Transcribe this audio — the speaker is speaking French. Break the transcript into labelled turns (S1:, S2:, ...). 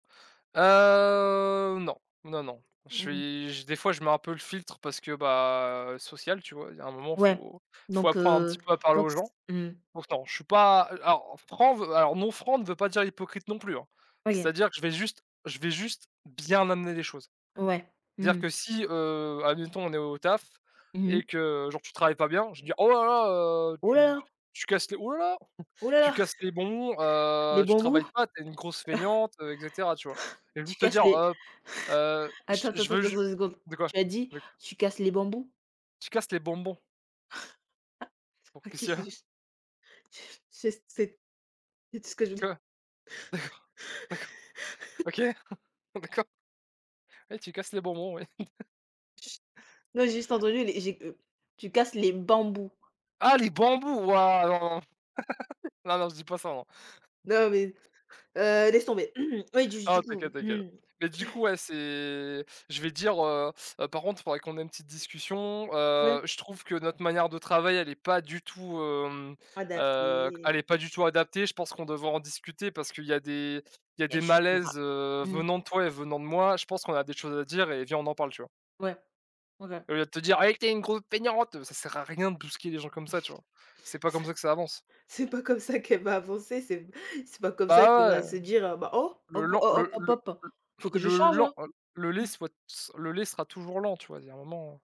S1: Heu, non, non, non. Je
S2: Mmh.
S1: suis je des fois, je mets un peu le filtre parce que, bah, social, tu vois, il y a un moment
S2: Ouais,
S1: faut faut
S2: donc,
S1: apprendre un petit
S2: heu,
S1: peu à parler
S2: donc
S1: aux gens.
S2: s mmh.
S1: Pourtant je suis pas, heu, a alors franc alors non franc ne veut pas dire hypocrite non plus hein,
S2: OK.
S1: c'est-à-dire que je vais juste je vais juste bien amener les choses.
S2: Ouais, mmh
S1: Dire
S2: mh.
S1: que si, heu, admettons on est au taf
S2: Mmh mh.
S1: et que, genre, tu travailles pas bien, je vais dire: «Oh là là, heu,
S2: Oh là
S1: tu
S2: là!
S1: tu casses les oh là là,
S2: Oh là
S1: tu
S2: là,
S1: casses les bonbons,
S2: les
S1: heu, tu
S2: bambous?
S1: travailles pas, tu es une grosse feignante, heu» et cetera, tu vois? Et
S2: Tu
S1: juste te
S2: casses
S1: dire:
S2: les
S1: «Hop, heu,
S2: attends, temps,
S1: je
S2: temps,
S1: veux
S2: temps, temps,
S1: jus»,
S2: 2 secondes,
S1: de quoi,
S2: tu as dit:
S1: de quoi?
S2: «Tu casses les bambous»?
S1: Tu casses les bonbons. Pour, qu'est-ce
S2: OK,
S1: s’il y
S2: c'est
S1: a?
S2: juste c'est juste c'est c'est c'est tout ce que je voulais.
S1: Quoi? D'accord, d'accord, OK, d'accord. Ouais, tu casses les bonbons, ouais.
S2: Ch non j'ai juste entendu, les j'ai, heu, tu casses les bambous.
S1: Ah les bambous wouah, non, non, non, non je dis pas ça non.
S2: Non mais, heu, laisse tomber. Oui, duj
S1: Non
S2: du
S1: t’inquiète,
S2: coup
S1: t’inquiète. Mais du
S2: tu
S1: coup, ouais, c'est je vais dire: «Heu heu, par contre, faudrait qu'on ait une petite discussion, heu,
S2: Ouais.
S1: je trouve que notre manière de travail, elle est pas du tout, hem, heu, elle
S2: Adapter.
S1: est pas du tout adaptée, je pense qu'on devrait en discuter parce qu'il y a des il y a
S2: Il y a
S1: des
S2: des choses qu'on
S1: malaises,
S2: aura
S1: heu,
S2: mmh.
S1: venant de toi et venant de moi, je pense qu'on a des choses à dire et viens, on en parle». Tu vois?
S2: Ouais, OK.
S1: Au lieu de te dire: «Ouais, tu es une grosse feignante!» Ça sert à rien de brusquer les gens comme ça, tu vois? C'est pas comme ça que ça avance.
S2: C'est pas comme ça qu'elle va avancer. C'est p c'est pas comme ça qu'elle
S1: Bah
S2: va
S1: ouais,
S2: se dire: «Bah oh,
S1: le
S2: hop,
S1: lent
S2: ho
S1: le
S2: hop,
S1: le
S2: hop,
S1: le
S2: faut que je
S1: le
S2: change,
S1: lent
S2: hein».
S1: le lait
S2: Mmh.
S1: soit s le lait sera toujours lent tu vois, il y a un moment.